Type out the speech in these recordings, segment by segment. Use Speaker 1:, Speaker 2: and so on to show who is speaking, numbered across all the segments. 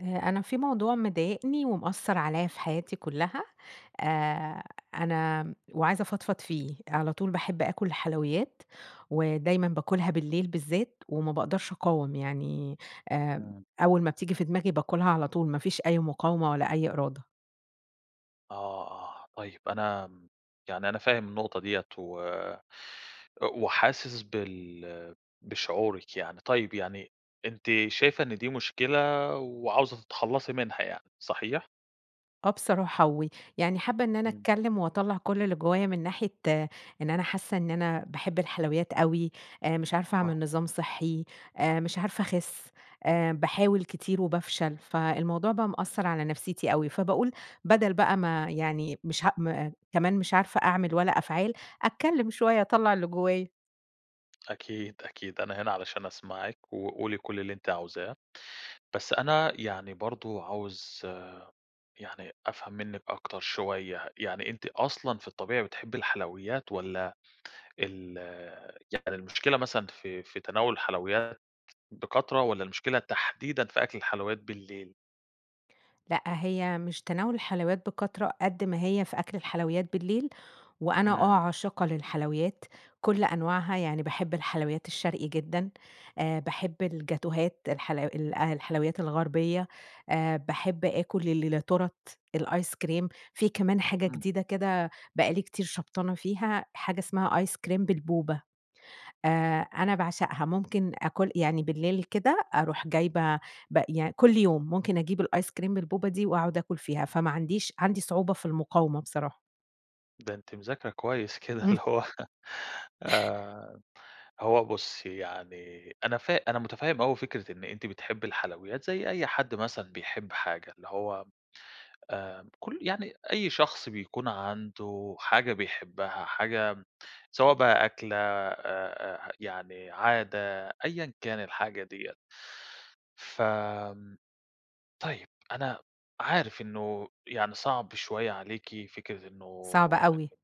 Speaker 1: آآ، أنا في موضوع مضايقني ومأثر عليَّ في حياتي كلّها، آآ أنا وعايزة أفضفض فيه، على طول باحب آكل الحلويّات، ودايمًا باكلها بالليل بالذات، وما باقدرش أقاوم يعني، آآ،
Speaker 2: إمم.
Speaker 1: أوّل ما بتيجي في دماغي باكلها على طول، ما فيش أي مقاومة ولا أي إرادة.
Speaker 2: آه، آه طيّب أنا يعني أنا فاهم النقطة دِيِّة و وحاسس بال بشعورِِك يعني، طيّب يعني أنتِ شايفة إن دي مشكلة، وعاوزة تتخلصي منها يعني، صحيح؟
Speaker 1: آه بصراحة ويعني حابّة إن أنا
Speaker 2: إمم.
Speaker 1: أتكلّم وأطلع كل اللي جوّايا مِن ناحية إن أنا حاسّة إن أنا باحب الحلويّات أوي، آآ مش عارفة أعمل
Speaker 2: صح.
Speaker 1: نظام صحّي، آآ مش عارفة أخس، آآ باحاول كتير وبافشل، فالموضوع بقى مأثر على نفسيتي أوي. فباقول، بدل بقى ما يعني مش ه م كمان مش عارفة أعمل ولا أفعال، أتكلّم شويّة أطلع اللي جوّايا.
Speaker 2: أكيد، أكيد، أنا هنا علشان أسمعِك، وقولي كل اللي أنتِ عاوزاه. بس أنا يعني برضو عاوز يعني أفهم منِك أكتر شويّة، يعني أنتِ أصلًا في الطبيعي بتحبي الحلويّات والّا ال يعني المشكلة مثلًا في في تناول الحلويّات بكترة والّا المشكلة تحديدًا، في أكل الحلويّات بالليل؟
Speaker 1: لأ هي مش تناول الحلويّات بكترة قد ما هي في أكل الحلويّات بالليل، وأنا آه
Speaker 2: إمم.
Speaker 1: عاشقة للحلويات، كُلّ أنواعها، يعني باحب الحلويّات الشرقي جدًا، آآ باحب الجاتوهات، الحل الحلويّات الغربيّة، آآ باحب آكل ال ل تُورَتْ، الآيس كريم، في كمان حاجة
Speaker 2: إمم.
Speaker 1: جديدة كده بقى لي كتير شبطانة فيها حاجة اسمها آيس كريم بالبوبا آآ أنا باعشقها ممكن آكل يعني بالليل كده أروح جايبة ب يعني كلّ يوم ممكن أجيب الآيس كريم بالبوبا دي وأقعد آكل فيها، فما عنديش عندي صعوبة في المقاومة بصراحة.
Speaker 2: ده أنتِ مذاكرة كويّس كده اللي هوّ آآ هوّ بُصّي يعني أنا فا أنا مُتَفَهِّم أوي فكرة إنّ أنتِ بتحبّي الحلويّات زَيّ أيّ حد مثلًا بيحب حاجة، اللي هوّ آآ، كُلّ يعني أيّ شخص بيكون عنده حاجة بيحبّها، حاجة سواء بقى أكلة آآ، آآ، يعني عادة، أيًا كان الحاجة دِيَّة. ف طيّب، أنا عارف إنّه يعني صعب شويّة عليكِ فكرة إنّه
Speaker 1: صعبة
Speaker 2: إن
Speaker 1: أوي.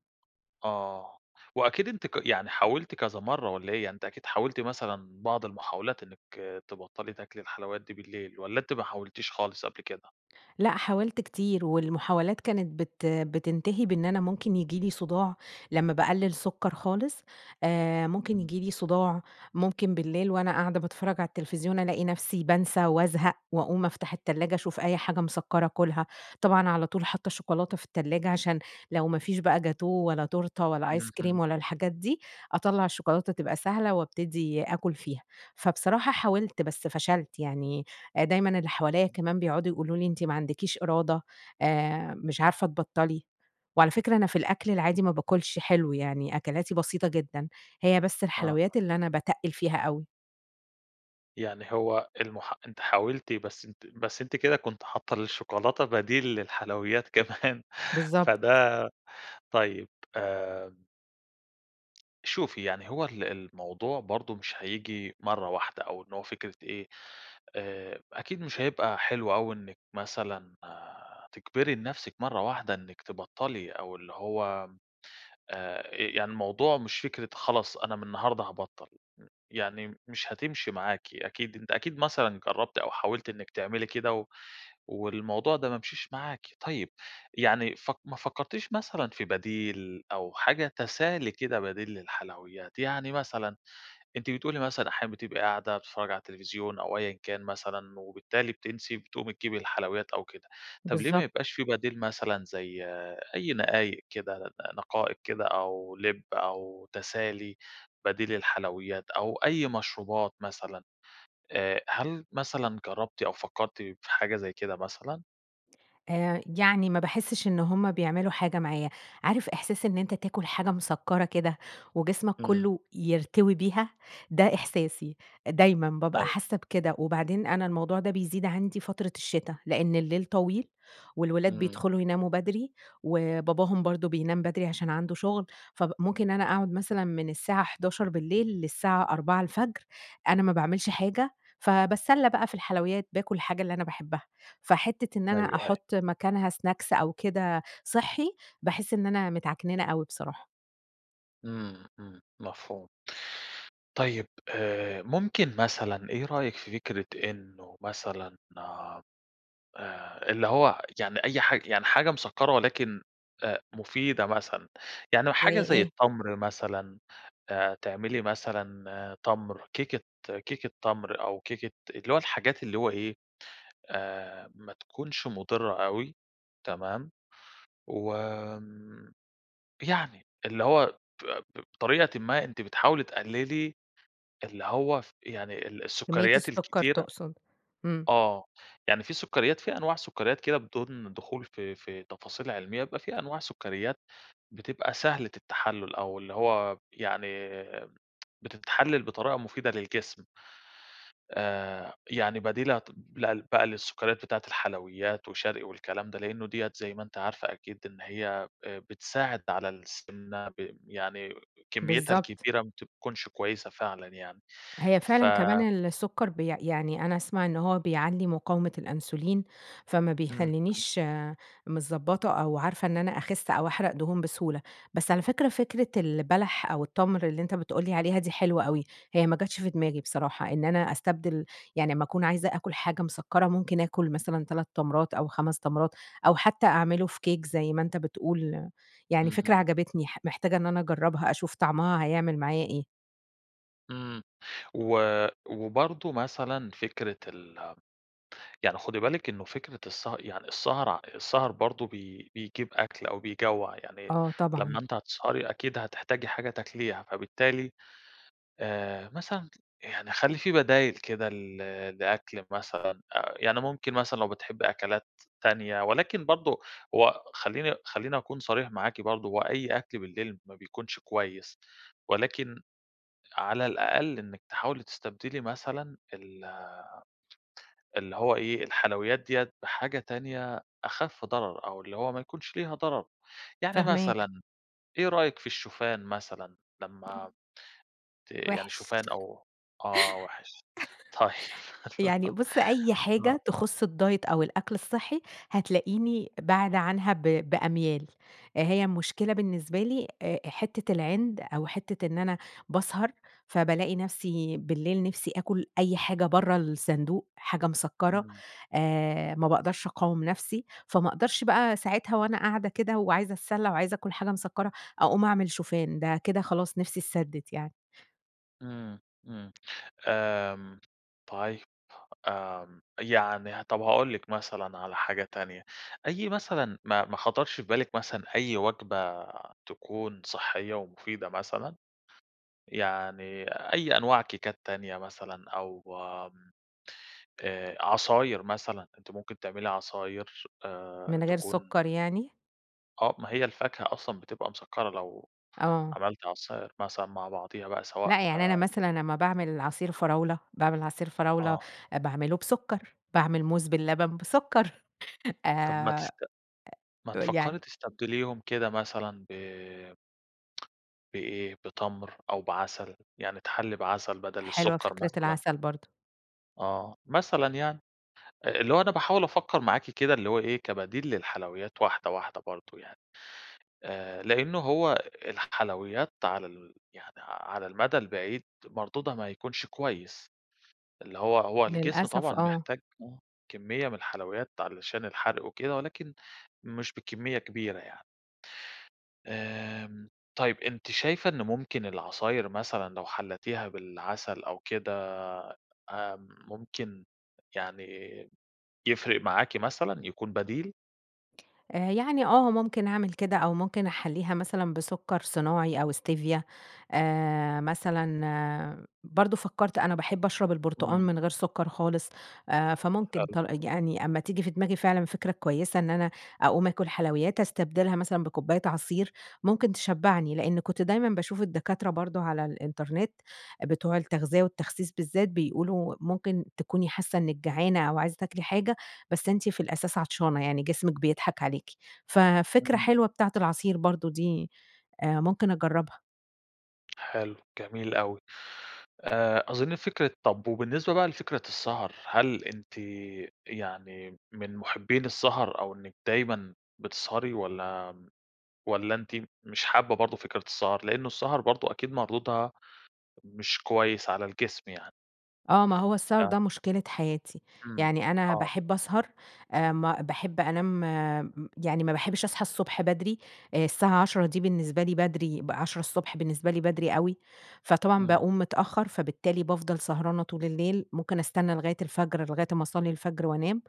Speaker 2: آه، وأكيد أنتِ ق يعني حاولتِ كذا مَرّة، والّا إيه؟ يعني أنتِ أكيد حاولتِ مثلًا بعض المحاولات إنّك تبطّلي تاكلي الحلويات دي بالليل. والّا أنتِ ما حاولتيش خالص قبل كده؟
Speaker 1: لأ حاولت كتير والمحاولات كانت بت بتنتهي بإنّ أنا ممكن ييجي لي صداع لمّا باقلل سكر خالص، آآ ممكن
Speaker 2: امم.
Speaker 1: ييجي لي صداع، ممكن بالليل وأنا قاعدة باتفرّج على التلفزيون ألاقي نفسي بانسى وأزهق وأقوم أفتح التلاجة أشوف أيّ حاجة مسَكَّرة آكلها. طبعًا على طول حاطّة شوكولاتة في التلّاجة، عشان لو ما فيش بقى جاتوه ولا تورتة ولا آيس
Speaker 2: اهم.
Speaker 1: كريم ولا الحاجات دي، أطلّع الشوكولاتة تبقى سهلة وأبتدي آكل فيها. فبصراحة حاولت، بس فشلت، يعني دايمًا اللي حواليَّ كمان بيقعدوا يقولوا لي: "أنتِ ما عندكيش إرادة، آآ، مش عارفة تبطَّلي." وعلى فكرة أنا في الأكل العادي ما باكلش حلو، يعني أكلاتي بسيطة جدًا. هي بس
Speaker 2: آه.
Speaker 1: الحلويّات اللي أنا باتَقّل فيها أوي.
Speaker 2: يعني هو المح أنتِ حاولتِ بس أنتِ بس أنتِ كده كنتِ حاطة الشوكولاتة بديل للحلويات، كمان
Speaker 1: بالضبط.
Speaker 2: فده طيّب آآ شوفي يعني هو ال الموضوع برضو مش هييجي مرّة واحدة، أو إن هو فكرة إيه، آآ أكيد مش هيبقى حلو أوي إنِك مثلًا تجبري لنفسك مرّة واحدة إنِك تبطلي، أو اللي هو، آآ، يعني الموضوع مش فكرة خلاص أنا مِن النهارده هابطّل، م يعني مش هتمشي معاكِ. أكيد أنتِ أكيد مثلًا جرّبتِ أو حاولتِ إنِّك تعملي كده، و والموضوع ده ما مشيش معاكِ. طيّب، يعني فك ما فكرتيش مثلًا في بديل، أو حاجة تسالي كده بديل للحلويّات، يعني مثلًا، أنتِ بتقولي مثلًا أحيانًا بتبقي قاعدة بتتفرّجي على التليفزيون، أو أيًا كان مثلًا، وبالتالي بتنسي، بتقومي تجيبي الحلويّات أو كده، طب ليه ما
Speaker 1: بالضبط.
Speaker 2: يبقاش في بديل مثلًا زي أي نقايق كده، نقائق كده أو لب أو تسالي، بديل للحلويّات أو أي مشروبات مثلًا، آآ، هل مثلًا جرّبتِ أو فكرتِ في حاجة زي كده مثلًا؟
Speaker 1: آآ، يعني ما باحسش إن همّ بيعملوا حاجة معايا، عارف إحساس إن أنت تاكل حاجة مسكرة كده، وجسمك
Speaker 2: إمم.
Speaker 1: كلّه، يرتوي بيها؟ ده إحساسي، دايمًا بابقى
Speaker 2: أيوه.
Speaker 1: حاسّة بكده، وبعدين أنا الموضوع ده بيزيد عندي فترة الشتا، لإن الليل طويل، والولاد
Speaker 2: إمم.
Speaker 1: بيدخلوا يناموا بدري، وباباهم برضو بينام بدري عشان عنده شغل، فممكن أنا أقعد مثلًا مِن الساعة 23:00 بالليل، للساعة 4:00 الفجر، أنا ما باعملش حاجة، فباتسلى بقى في الحلويّات، باكل الحاجة اللي أنا باحبّها، فحتة إن
Speaker 2: أيوه،
Speaker 1: أنا
Speaker 2: أيوه.
Speaker 1: أحط مكانها سناكس أو كده صحّي، باحس إن أنا متعكننة أوي بصراحة.
Speaker 2: إمم، إمم، مفهوم. طيّب آآ ممكن مثلًا، إيه رأيِك في فكرة إنّه مثلًا، آآ، اللي هو، يعني أي حاج يعني حاجة مسكرة ولكن آآ مفيدة مثلًا، يعني
Speaker 1: زي
Speaker 2: حاجة زي
Speaker 1: إيه؟
Speaker 2: التَمْر مثلًا، آآ تعملي مثلًا تَمْر، كيكة كيكة تَمْر أو كيكة اللي هو الحاجات اللي هو إيه، آآ ما تكونش مضرة أوي، تمام؟ و يعني، اللي هو ب ب بطريقةٍ ما أنتِ بتحاولي تقللي اللي هو ف يعني ال
Speaker 1: كمية
Speaker 2: السكريات
Speaker 1: السكر
Speaker 2: الكتيرة
Speaker 1: تقصد. امم.
Speaker 2: آه، يعني في سكريات، في أنواع سكريات كده بدون دخول في في تفاصيل علمية، بيبقى في أنواع سكريات بتبقى سهلة التحلل، أو اللي هو، يعني بتتحلل بطريقة مفيدة للجسم. آآ يعني بديلة ت لل بقى للسكريات بتاعة الحلويّات وشرقي والكلام ده، لأنّه دِيّة زي ما أنتِ عارفة أكيد إن هيّ، آآ بتساعد على السمنة، ب يعني كميتها
Speaker 1: بالضبط.
Speaker 2: الكبيرة ما بتكونش كويّسة فعلًا يعني.
Speaker 1: هي
Speaker 2: ف
Speaker 1: فعلًا كمان السكر بيع يعني أنا أسمع إن هوّ بيعلّي مقاومة الأنسولين، فما
Speaker 2: إمم، إمم.
Speaker 1: بيخلينيش متضبطة أو عارفة إن أنا أخس أو أحرق دهون بسهولة. بس على فكرة، فكرة البلح أو التَمْر، اللي أنت بتقول لي عليها دي حلوة أوي، هيّ ما جاتش في دماغي بصراحة، إن أنا أستبدل يعني لمّا أكون عايزة آكل حاجة مسكرة ممكن أكل مثلًا 3 تمرات، أو 5 تمرات، أو حتّى أعمله في كيك زي ما أنت بتقول، يعني فكرة
Speaker 2: اهم.
Speaker 1: عجبتني ح محتاجة إن أنا أجربها، أشوف طعمها هيعمل معايا إيه.
Speaker 2: إمم و وبرضو مثلًا فكرة ال يعني خُدي بالِك إنّه فكرة السه يعني السهر، آع السهر برضو بي بيجيب أكل أو بيجوَّع يعني،
Speaker 1: آه طبعًا.
Speaker 2: لمّا أنتِ هتسهري أكيد هتحتاجي حاجة تاكليها فبالتالي، آآ، مثلًا يعني خلّي في بدايل كده ل لأكل مثلًا أ يعني ممكن مثلًا لو بتحبي أكلات تانية، ولكن برضو هو خلّيني خلّيني أكون صريح معاكِ برضو هو أي أكل بالليل ما بيكونش كويّس، ولكن، على الأقل إنّك تحاولي تستبدلي مثلًا ال اللي هو إيه الحلويّات ديَّة بحاجة تانية أخف ضرر أو اللي هو ما يكونش ليها ضرر. يعني
Speaker 1: فاهماك.
Speaker 2: مثلًا، إيه رأيِك في الشوفان مثلًا؟ لمّا ت يعني
Speaker 1: وحش
Speaker 2: شوفان أو آه وحش طيّب
Speaker 1: يعني بُصّ أي
Speaker 2: آه.
Speaker 1: حاجة تُخص الدايت أو الأكل الصحّي، هتلاقيني بَاعَدةْ عنها ب بأميال، هيّ المشكلة بالنسبة لي آآ حتّة العند أو حتّة إن أنا باسهر، فبالاقي نفسي بالليل نفسي آكل أي حاجة برّه الصندوق، حاجة مسكرة،
Speaker 2: [unintelligible]
Speaker 1: آآ، ما باقدرش أقاوم نفسي، فما أقدرش بقى ساعتها وأنا قاعدة كده وعايزة أَتسلَّى وعايزة آكل حاجة مسكرة أقوم أعمل شوفان ده كده خلاص نفسي اتسدت يعني.
Speaker 2: إمم، إمم، آمم طيب. آمم، يعني ه طب هاقول لِك مثلًا على حاجة تانية، أي مثلًا ما ما خطرش في بالك مثلًا أي وجبة تكون صحية ومفيدة مثلًا؟ يعني أي أنواع كيكات تانية مثلًا أو آمم، آآ عصاير مثلًا، أنتِ ممكن تعملي عصاير، آآ
Speaker 1: من غير
Speaker 2: تكون
Speaker 1: سكر يعني؟
Speaker 2: آه ما هي الفاكهة أصلًا بتبقى مسكرة لو
Speaker 1: آه.
Speaker 2: عملتِ عصاير مثلًا، مع بعضها بقى سواء
Speaker 1: لا يعني أنا مثلًا لما باعمل العصير فراولة باعمل عصير فراولة،
Speaker 2: آه.
Speaker 1: آآ باعمله بسكر، باعمل موز باللبن بسكر
Speaker 2: طيب ما
Speaker 1: آآ
Speaker 2: تست ما
Speaker 1: يعني
Speaker 2: تفكري تستبدليهم كده مثلًا ب بإيه، بِتمْر أو بعسل، يعني تحلي بعسل بدل
Speaker 1: حلوة
Speaker 2: السكر
Speaker 1: فكرة
Speaker 2: مثلًا.
Speaker 1: العسل برضه.
Speaker 2: آه، مثلًا يعني. آآ، اللي هو أنا باحاول أفكر معاكِ كده اللي هو إيه، كبديل للحلويات واحدة، واحدة برضو يعني. آآ، لأنه هو ال الحلويات على ال يعني على المدى البعيد، مردودها ما يكونش كويس. اللي هو هو الجسم
Speaker 1: للأسف
Speaker 2: طبعًا
Speaker 1: آه.
Speaker 2: بيحتاج آه، كمية مِن الحلويات علشان الحرق وكده ولكن مش بكمية كبيرة يعني. آمم، طيب أنتِ شايفة إن ممكن العصاير مثلًا لو حلتيها بالعسل أو كده ه ممكن يعني يفرق معاكِ مثلًا، يكون بديل؟
Speaker 1: آآ، يعني آه ممكن أعمل كده أو ممكن أحَلّيها مثلًا بسكر صناعي أو Stevia آآ، مثلًا برضه فكرت أنا باحب أشرب البرتقان
Speaker 2: إمم.
Speaker 1: من غير سكر خالص، آآ، فممكن
Speaker 2: حلو.
Speaker 1: طر آآ، يعني أما تيجي في دماغي فعلًا فكرة كويسة إن أنا أقوم آكل حلويات، أستبدلها مثلًا بكُباية عصير، ممكن تشبعني. لأني كنت دايمًا باشوف الدكاترة برضه على الإنترنت، بتوع التغذية والتخسيس بالذات بيقولوا ممكن تكوني حاسة إنك جعانة أو عايزة تاكلي حاجة، بس أنتِ في الأساس عطشانة، يعني جسمك بيضحك عليكِ. ففكرة
Speaker 2: امم.
Speaker 1: حلوة بتاعة العصير برضه دي آآ، ممكن أجربها.
Speaker 2: حلو، جميل أوي. آآ، أظن فكرة طب وبالنسبة بقى لفكرة السهر، هل أنتِ يعني من مُحبين السهر أو إنك دايمًا بتسهري والّا والّا أنتِ م مش حابة برضه فكرة السهر؟ لأنه السهر برضه أكيد مردودها مش كويس على الجسم يعني.
Speaker 1: آه، ما هو السهر ده
Speaker 2: [unintelligible]
Speaker 1: مشكلة حياتي.
Speaker 2: إمم،
Speaker 1: يعني أنا
Speaker 2: آه.
Speaker 1: باحب أسهر، آآ ما باحب أنام م يعني ما باحبش أصحى الصبح بدري، آآ، الساعة 10:00 دي بالنسبة لي بدري ب 10:00 الصبح بالنسبة لي، بدري أوي. فطبعًا
Speaker 2: إمم.
Speaker 1: باقوم متأخر، فبالتالي بافضل سهرانة طول الليل، ممكن أستنى لغاية الفجر لغاية أما أصلّي الفجر وأنام.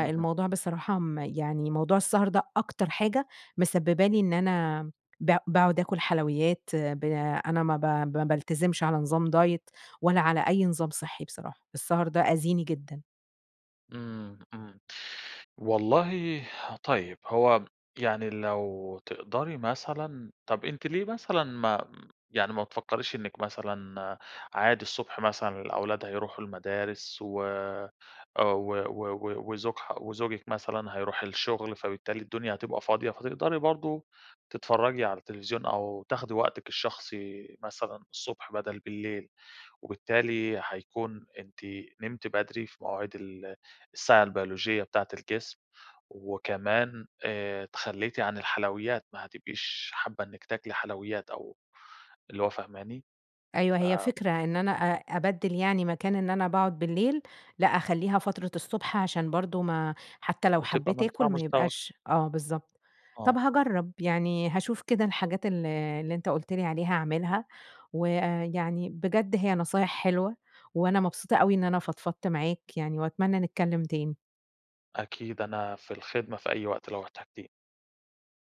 Speaker 2: اهم.
Speaker 1: بصراحة م يعني موضوع السهر ده أكتر حاجة مسببة لي إن أنا ب باقعد أكل حلويات، ب أنا ما ب ما بالتزمش على نظام دايت ولا على أي نظام صحي بصراحة، السهر ده آذيني جدًا.
Speaker 2: إمم، إمم. والله طيب، هو يعني لو تقدري مثلًا طيب أنتِ ليه مثلًا ما يعني ما بتفكريش إنِك مثلًا، عادي الصبح مثلًا الأولاد هيروحوا المدارس و و و و وزوج ح وزوجِك مثلًا هيروح للشغل، فبالتالي الدنيا هتبقى فاضية، فتقدري برضو تتفرجي على التليفزيون أو تاخدي وقتِك الشخصي مثلًا الصبح بدل بالليل، وبالتالي هيكون أنتِ نمتِ بدري في مواعيد ال الساعة البيولوجية بتاعة الجسم وكمان آآ، تخليتِ عن الحلويات ما هتبقيش حابة إنِّك تاكلي حلويات أو اللي هو فاهماني؟
Speaker 1: أيوه
Speaker 2: ف
Speaker 1: هي فكرة، إن أنا أ أبدل يعني مكان إن أنا باقعد بالليل، لأ أخليها فترة الصبح عشان برضه ما حتى لو
Speaker 2: وتبقى
Speaker 1: حبيت آكل
Speaker 2: منفعة
Speaker 1: ما
Speaker 2: مزدوجة.
Speaker 1: يبقاش آه بالضبط. طب
Speaker 2: آه.
Speaker 1: هاجرب، يعني هاشوف كده الحاجات اللي اللي أنتَ قُلت لي عليها أعملها ويعني بجد هي نصايح حلوة، وأنا مبسوطة أوي إن أنا فضفضت معاك يعني، وأتمنى نتكلم تاني.
Speaker 2: أكيد أنا في الخدمة في أي وقت، لو احتاجتيني.